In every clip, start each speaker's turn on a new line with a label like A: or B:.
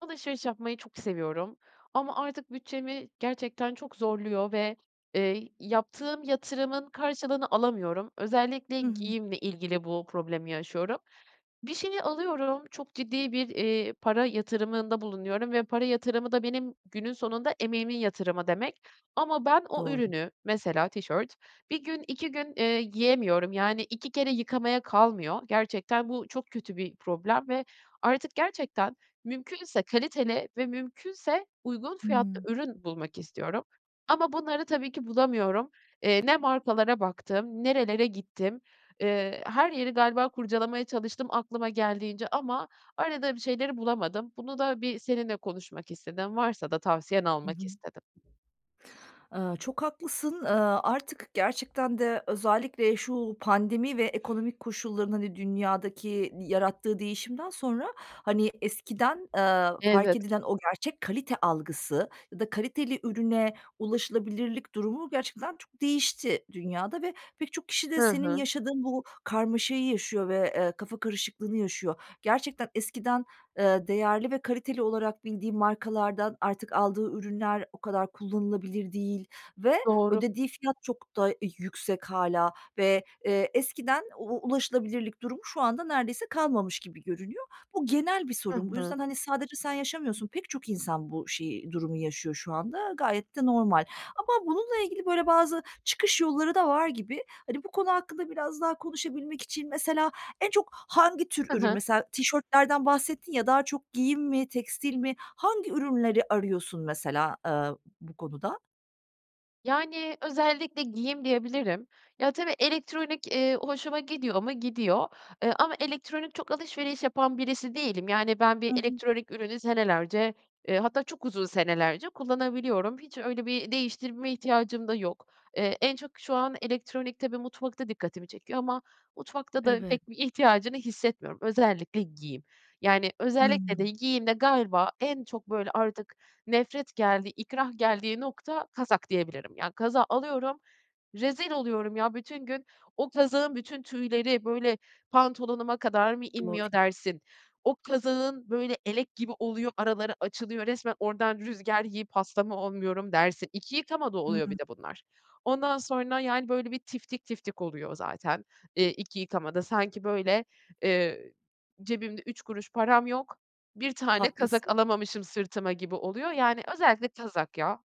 A: Alışveriş yapmayı çok seviyorum. Ama artık bütçemi gerçekten çok zorluyor ve, eee, yaptığım yatırımın karşılığını alamıyorum. Özellikle
B: Hı hı.
A: giyimle ilgili bu problemi yaşıyorum. Bir şeyi alıyorum, çok ciddi bir, eee, para yatırımında bulunuyorum ve para yatırımı da benim günün sonunda emeğimin yatırımı demek. Ama ben o
B: Doğru.
A: ürünü -mesela tişört 1 gün, 2 gün, eee, giyemiyorum, yani, 2 kere yıkamaya kalmıyor. Gerçekten bu çok kötü bir problem ve artık gerçekten, mümkünse kaliteli ve mümkünse uygun fiyatlı
B: Hıı.
A: ürün bulmak istiyorum. Ama bunları tabii ki bulamıyorum. Eee, ne markalara baktım, nerelere gittim, eee, her yeri galiba kurcalamaya çalıştım aklıma geldiğince ama aradığım şeyleri bulamadım. Bunu da bir seninle konuşmak istedim, varsa da tavsiyen
B: I hı.
A: almak istedim.
B: Iıı, çok haklısın. Iıı, artık gerçekten de özellikle şu pandemi ve ekonomik koşulların, hani, dünyadaki yarattığı değişimden sonra, hani, eskiden, ııı, fark
A: Evet.
B: edilen o gerçek kalite algısı ya da kaliteli ürüne ulaşılabilirlik durumu gerçekten çok değişti dünyada ve pek çok kişi
A: Hı
B: de senin
A: hı.
B: yaşadığın bu karmaşayı yaşıyor ve, eee, kafa karışıklığını yaşıyor. Gerçekten eskiden, ııı, değerli ve kaliteli olarak bildiğin markalardan artık aldığı ürünler o kadar kullanılabilir değil ve
A: Doğru.
B: ödediği fiyat çok da yüksek hâlâ ve, eee, eskiden u ulaşılabilirlik durumu şu anda neredeyse kalmamış gibi görünüyor. Bu genel bir
A: I
B: sorun. Bu
A: hı.
B: yüzden, hani, sadece sen yaşamıyorsun, pek çok insan bu şeyi, durumu yaşıyor şu anda. Gayet de normal. Ama bununla ilgili böyle bazı çıkış yolları da var gibi. Hani, bu konu hakkında biraz daha konuşabilmek için mesela en çok hangi tür
A: Hı
B: ürün?
A: hı.
B: Mesela tişörtlerden bahsettin ya, daha çok giyim mi, tekstil mi hangi ürünleri arıyorsun mesela, eee, bu konuda?
A: Yani, özellikle giyim diyebilirim. Ya, tabii elektronik, eee, hoşuma gidiyor mu, gidiyor. Eee, ama elektronik çok alışveriş yapan birisi değilim. Yani, ben bir
B: I hı.
A: elektronik ürünü senelerce, eee, hatta çok uzun senelerce kullanabiliyorum. Hiç öyle bir değiştirme ihtiyacım da yok. Eee, en çok şu an elektronik tabii mutfakta dikkatimi çekiyor ama mutfakta da
B: Evet.
A: pek bir ihtiyacını hissetmiyorum, özellikle giyim. Yani, özellikle de
B: Hıı.
A: giyimde galiba en çok böyle artık nefret geldiği, ikrah geldiği nokta kazak diyebilirim. Ya, kazağı alıyorum, rezil oluyorum ya. Bütün gün o kazağın bütün tüyleri, böyle, pantolonuma kadar mı
B: Doğru.
A: inmiyor dersin, o kazağın böyle elek gibi oluyor, araları açılıyor, resmen oradan rüzgar yiyip hasta mı olmuyorum dersin. 2 yıkamada
B: Hıı.
A: oluyor bir de bunlar. Ondan sonra, yani, böyle bir tiftik tiftik oluyor zaten, eee, 2 yıkamada. Sanki böyle, eee, cebimde 3 kuruş param yok, 1 tane kazak
B: Haklısın.
A: alamamışım sırtıma gibi oluyor, yani, özellikle kazak ya.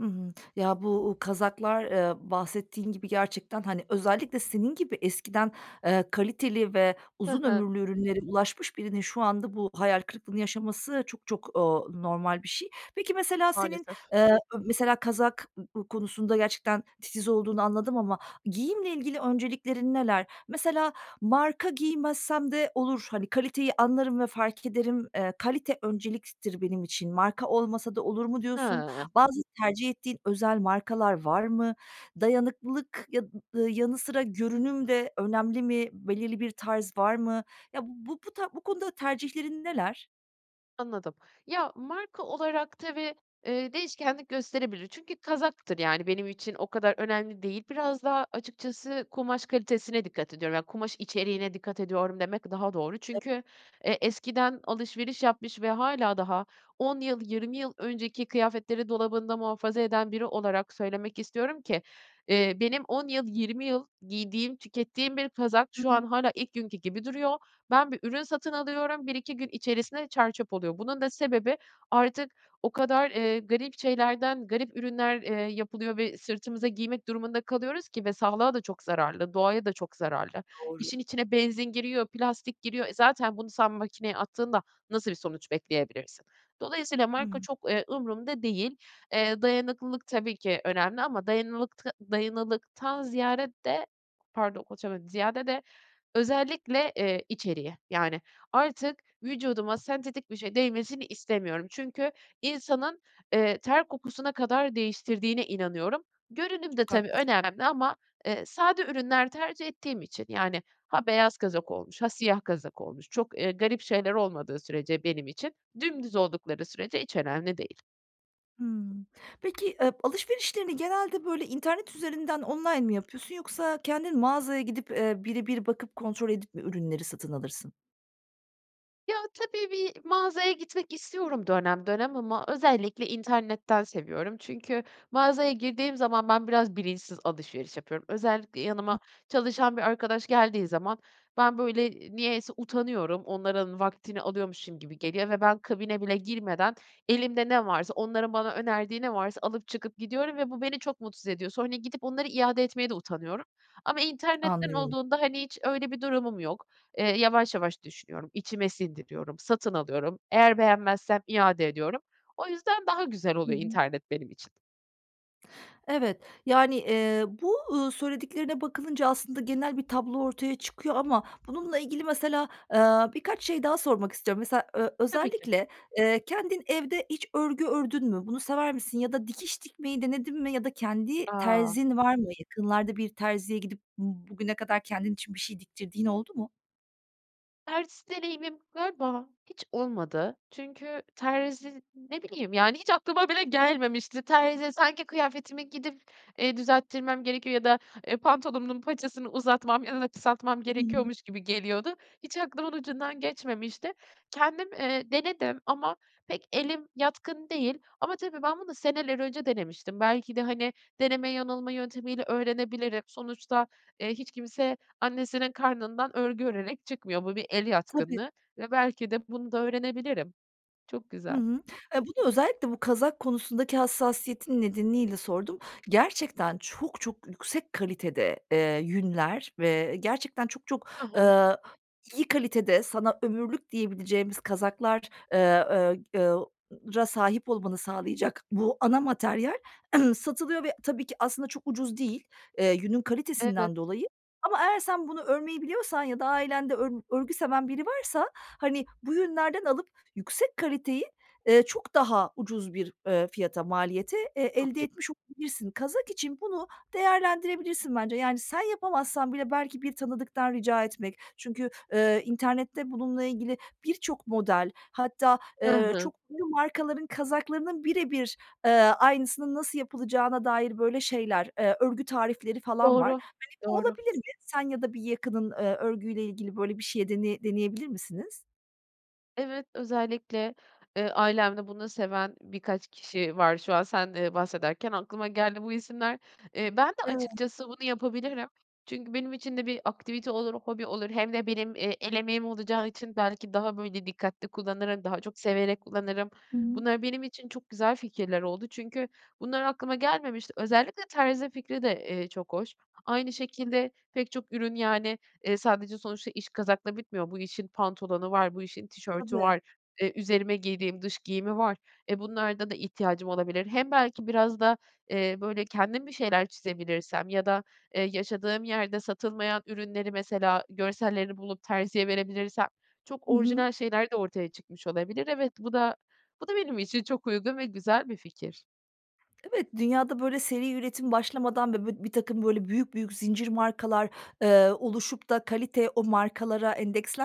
B: Hı hı. Ya, bu u kazaklar, ııı, bahsettiğin gibi gerçekten, hani, özellikle senin gibi eskiden, eee, kaliteli ve
A: Hı
B: uzun
A: hı.
B: ömürlü ürünlere ulaşmış birinin şu anda bu hayal kırıklığını yaşaması çok çok, ııı, normal bir şey. Peki, mesela senin,
A: Maalesef.
B: ııı, ö mesela kazak konusunda gerçekten titiz olduğunu anladım ama giyimle ilgili önceliklerin neler? Mesela marka giymezsem de olur, hani, kaliteyi anlarım ve fark ederim. Eee, kalite önceliktir benim için. Marka olmasa da olur mu diyorsun?
A: Hıı.
B: Bazı tercih ettiğin özel markalar var mı? Dayanıklılık ya ııı, yanı sıra görünüm de önemli mi? Belirli bir tarz var mı? Ya, bu bu ta bu konuda tercihlerin neler?
A: Anladım. Ya, marka olarak tabii, eee, değişkenlik gösterebilir. Çünkü kazaktır, yani, benim için o kadar önemli değil. Biraz daha açıkçası kumaş kalitesine dikkat ediyorum, ya, kumaş içeriğine dikkat ediyorum demek daha doğru.
B: [unintelligible]
A: Çünkü e eskiden alışveriş yapmış ve hâlâ daha 10 yıl, 20 yıl önceki kıyafetleri dolabında muhafaza eden biri olarak söylemek istiyorum ki, eee, benim 10 yıl, 20 yıl giydiğim, tükettiğim bir kazak
B: Hı
A: şu an
B: hı.
A: hâlâ ilk günkü gibi duruyor. Ben bir ürün satın alıyorum, 1-2 gün içerisinde çer çöp oluyor. Bunun da sebebi artık o kadar, eee, garip şeylerden, garip ürünler, eee, yapılıyor ve sırtımıza giymek durumunda kalıyoruz ki ve sağlığa da çok zararlı, doğaya da çok zararlı.
B: Doğru.
A: İşin içine benzin giriyor, plastik giriyor. E, zaten bunu sen makineye attığında nasıl bir sonuç bekleyebilirsin? Dolayısıyla
B: Hı
A: marka
B: hı.
A: çok, eee, umurumda değil. Eee, dayanıklılık tabii ki önemli ama dayanılılıkta dayanıklılıktan ziyade de, pardon konuşamadım, ziyade de özellikle, eee, içeriği, yani, artık vücuduma sentetik bir şey değmesini istemiyorum çünkü insanın, eee, ter kokusuna kadar değiştirdiğine inanıyorum. Görünüm de
B: Çok
A: tabii
B: haklısın.
A: önemli ama, eee, sade ürünler tercih ettiğim için, yani, ha, beyaz kazak olmuş ha, siyah kazak olmuş, çok, ııı, garip şeyler olmadığı sürece benim için, dümdüz oldukları sürece hiç önemli değil.
B: Hımm. Peki, ııı, alışverişlerini genelde böyle internet üzerinden online mı yapıyorsun yoksa kendin mağazaya gidip, eee, bire bir bakıp, kontrol edip mi ürünleri satın alırsın?
A: Ya, tabii bir mağazaya gitmek istiyorum dönem dönem ama özellikle internetten seviyorum çünkü mağazaya girdiğim zaman ben, biraz bilinçsiz alışveriş yapıyorum. Özellikle yanıma çalışan bir arkadaş geldiği zaman ben, böyle, eee, niyeyse utanıyorum, onların vaktini alıyormuşum gibi geliyor ve ben, kabine bile girmeden elimde ne varsa, onların bana önerdiği ne varsa alıp, çıkıp gidiyorum ve bu beni çok mutsuz ediyor. Sonra gidip onları iade etmeye de utanıyorum. Ama internetten
B: Anlıyorum.
A: olduğunda, hani, hiç öyle bir durumum yok. Eee, yavaş yavaş düşünüyorum. İçime sindiriyorum, satın alıyorum. Eğer beğenmezsem iade ediyorum. O yüzden daha güzel
B: Hı
A: oluyor
B: hı.
A: internet benim için.
B: Evet. Yani, eee, bu, ııı, söylediklerine bakılınca aslında genel bir tablo ortaya çıkıyor ama bununla ilgili mesela, ııı, birkaç şey daha sormak istiyorum. Mesela ö
A: Tabii ki.
B: özellikle, eee, kendin evde hiç örgü ördün mü? Bunu sever misin ya da dikiş dikmeyi denedin mi ya da kendi
A: A!
B: terzin var mı? Yakınlarda bir terziye gidip bugüne kadar kendin için bir şey diktirdiğin oldu mu?
A: Terzi deneyimim galiba hiç olmadı. Çünkü terzi ne bileyim, yani hiç aklıma bile gelmemişti. Terzi sanki kıyafetimi gidip, eee, düzelttirmem gerekiyor ya da, eee, pantolonumun paçasını uzatmam [unintelligible] kısaltmam
B: Hı hı.
A: gerekiyormuş gibi geliyordu. Hiç aklımın ucundan geçmemişti. Kendim, eee, denedim ama pek elim yatkın değil ama tabii ben bunu seneler önce denemiştim. Belki de, hani, deneme yanılma yöntemiyle öğrenebilirim. Sonuçta, eee, hiç kimse annesinin karnından örgü örerek çıkmıyor. Bu bir el
B: Tabii.
A: yatkınlığı ve belki de bunu da öğrenebilirim. Çok
B: Hı
A: güzel.
B: hı. E, bunu özellikle bu kazak konusundaki hassasiyetin nedeniyle sordum. Gerçekten çok çok yüksek kalitede, eee, yünler ve gerçekten çok çok,
A: Hı hı.
B: ııı, iyi kalitede sana ömürlük diyebileceğimiz kazaklar, eee, eee, eu ra sahip olmanı sağlayacak bu ana materyal satılıyor ve tabii ki aslında çok ucuz değil, eee, yünün
A: Evet.
B: kalitesinden dolayı. Ama eğer sen bunu örmeyi biliyorsan ya da ailende ör örgü seven biri varsa hani bu yünlerden alıp yüksek kaliteyi, eee, çok daha ucuz bir, ııı, fiyata, maliyete, eee,
A: Çok
B: elde
A: iyi.
B: etmiş olabilirsin. Kazak için bunu değerlendirebilirsin bence. Yani sen yapamazsan bile belki bir tanıdıktan rica etmek, çünkü, eee, internette bununla ilgili birçok model hatta,
A: Hı
B: eee,
A: hı.
B: çok ünlü markaların kazaklarının bire bir, eee, aynısının nasıl yapılacağına dair böyle şeyler, eee, örgü tarifleri falan var.
A: Doğru,
B: Hani bu
A: doğru.
B: olabilir mi? Sen ya da bir yakının, ııı, örgüyle ilgili böyle bir şeyi deneye deneyebilir misiniz?
A: Evet, özellikle, eee, ailemde bunu seven birkaç kişi var. Şu an sen, eee, bahsederken aklıma geldi bu isimler. Eee, ben de
B: Evet.
A: açıkçası bunu yapabilirim. Çünkü benim için de bir aktivite olur, hobi olur, hem de benim, eee, el emeğim olacağı için belki daha, böyle, dikkatli kullanırım, daha çok severek kullanırım.
B: Hıı.
A: Bunlar benim için çok güzel fikirler oldu çünkü bunlar aklıma gelmemişti. Özellikle terzi fikri de, eee, çok hoş. Aynı şekilde pek çok ürün, yani, eee, sadece sonuçta iş kazakla bitmiyor. Bu işin pantolonu var, bu işin tişörtü
B: Tabii.
A: var, eee, üzerime giydiğim dış giyimi var. Eee, bunlarda da ihtiyacım olabilir. Hem belki biraz da, eee, böyle, kendim bir şeyler çizebilirsem ya da, eee, yaşadığım yerde satılmayan ürünleri mesela görsellerini bulup terziye verebilirsem çok
B: Hı hı.
A: orijinal şeyler de ortaya çıkmış olabilir. Evet, bu da bu da benim için çok uygun ve güzel bir fikir.
B: Evet, dünyada böyle seri üretim başlamadan ve bu birtakım böyle büyük, büyük zincir markalar, eee, oluşup da kalite o markalara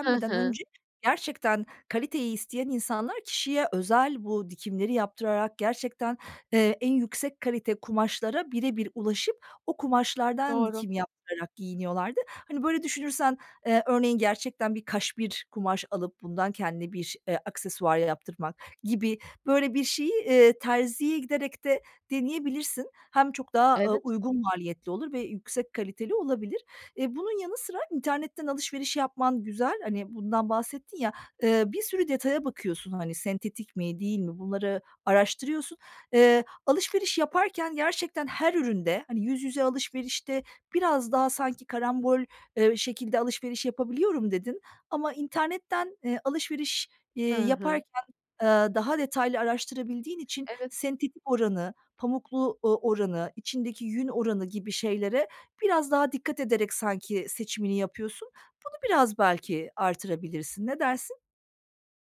A: Hı hı.
B: önce, gerçekten, kaliteyi isteyen insanlar kişiye özel bu dikimleri yaptırarak, gerçekten, eee, en yüksek kalite kumaşlara birebir ulaşıp o kumaşlardan
A: Doğru.
B: dikim yaptırarak giyiniyorlardı. Hani, böyle düşünürsen, eee, örneğin gerçekten bir kaşmir kumaş alıp bundan kendine bir, eee, aksesuar yaptırmak gibi böyle, bir şeyi, iii, terziye giderek de deneyebilirsin. Hem çok daha, ııı,
A: Evet.
B: uygun maliyetli olur ve yüksek kaliteli olabilir. Iıı, bunun yanı sıra internetten alışveriş yapman güzel. Hani, bundan bahsettin ya, ııı, bir sürü detaya bakıyorsun, hani, sentetik mi değil mi, bunları araştırıyorsun. Iıı, alışveriş yaparken gerçekten her üründe, hani: "Yüz yüze alışverişte biraz daha sanki karambol, ııı, şekilde alışveriş yapabiliyorum." dedin ama internetten, eee, alışveriş,
A: Hı
B: eee,
A: hı.
B: yaparken, eee, daha detaylı araştırabildiğin için
A: Evet.
B: sentetik oranı, pamuklu u oranı, içindeki yün oranı gibi şeylere biraz daha dikkat ederek sanki seçimini yapıyorsun. Bunu biraz belki artırabilirsin. Ne dersin?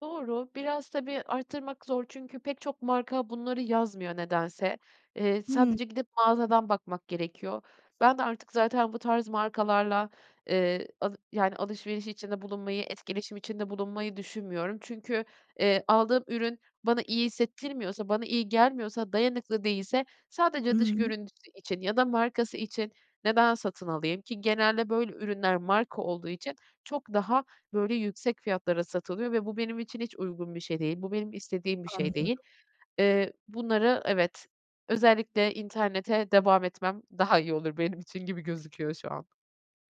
A: Doğru. Biraz tabii, arttırmak zor çünkü pek çok marka bunları yazmıyor nedense. Eee,
B: Hı
A: sadece gidip mağazadan bakmak gerekiyor. Ben de artık zaten bu tarz markalarla, eee, al yani, alışveriş içinde bulunmayı, etkileşim içinde bulunmayı düşünmüyorum. Çünkü, eee, aldığım ürün bana iyi hissettirmiyorsa, bana iyi gelmiyorsa, dayanıklı değilse
B: I
A: sadece dış
B: hı.
A: görüntüsü için ya da markası için neden satın alayım? Ki genelde böyle ürünler marka olduğu için çok daha, böyle, yüksek fiyatlara satılıyor ve bu benim için hiç uygun bir şey değil. Bu benim istediğim bir şey değil.
B: Anlıyorum.
A: Eee, bunları evet, özellikle internete devam etmem daha iyi olur benim için gibi gözüküyor şu an.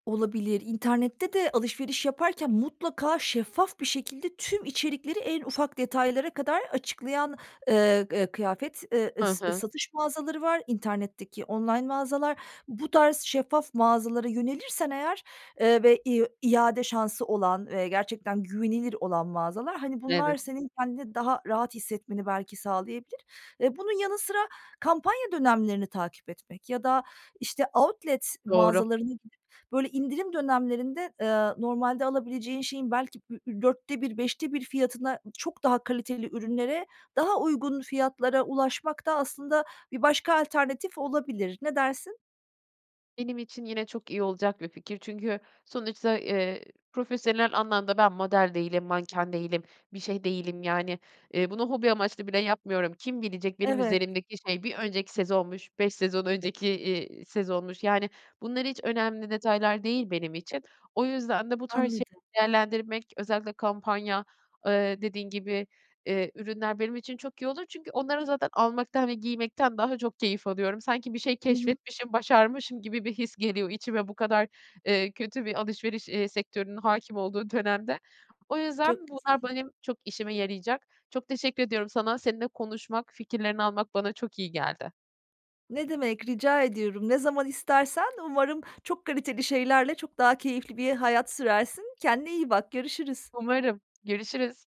B: Olabilir. İnternette de alışveriş yaparken mutlaka şeffaf bir şekilde tüm içerikleri en ufak detaylara kadar açıklayan, ııı, ııı, kıyafet, ııı,
A: Hı
B: ıs
A: hı.
B: satış mağazaları var, internetteki online mağazalar. Bu tarz şeffaf mağazalara yönelirsen eğer, eee, ve i iade şansı olan ve gerçekten güvenilir olan mağazalar, hani, bunlar
A: Evet.
B: senin kendini daha rahat hissetmeni belki sağlayabilir. Eee, bunun yanı sıra kampanya dönemlerini takip etmek ya da, işte, outlet
A: Doğru.
B: mağazalarına gidip böyle indirim dönemlerinde, eee, normalde alabileceğin şeyin belki ü ü 4'te 1, 5'te 1 fiyatına çok daha kaliteli ürünlere daha uygun fiyatlara ulaşmak da aslında bir başka alternatif olabilir. Ne dersin?
A: Benim için yine çok iyi olacak bir fikir. Çünkü sonuçta, eee, profesyonel anlamda ben model değilim, manken değilim, bir şey değilim, yani, eee, bunu hobi amaçlı bile yapmıyorum. Kim bilecek benim
B: Evet.
A: üzerimdeki şey, 1 önceki sezonmuş, 5 sezon önceki, iii, sezonmuş? Yani, bunlar hiç önemli detaylar değil benim için. O yüzden de bu tarz
B: Anladım.
A: şeyleri değerlendirmek, özellikle kampanya, eee, dediğin gibi, eee, ürünler benim için çok iyi olur çünkü onları zaten almaktan ve giymekten daha çok keyif alıyorum. Sanki bir şey
B: I hı.
A: keşfetmişim, başarmışım gibi bir his geliyor içime bu kadar, eee, kötü bir alışveriş, eee, sektörünün hâkim olduğu dönemde. O yüzden
B: Çok güzel.
A: bunlar benim çok işime yarayacak. Çok teşekkür ediyorum sana. Seninle konuşmak, fikirlerini almak bana çok iyi geldi.
B: Ne demek, rica ediyorum. Ne zaman istersen, umarım çok kaliteli şeylerle çok daha keyifli bir hayat sürersin. Kendine iyi bak, görüşürüz.
A: Umarım, görüşürüz.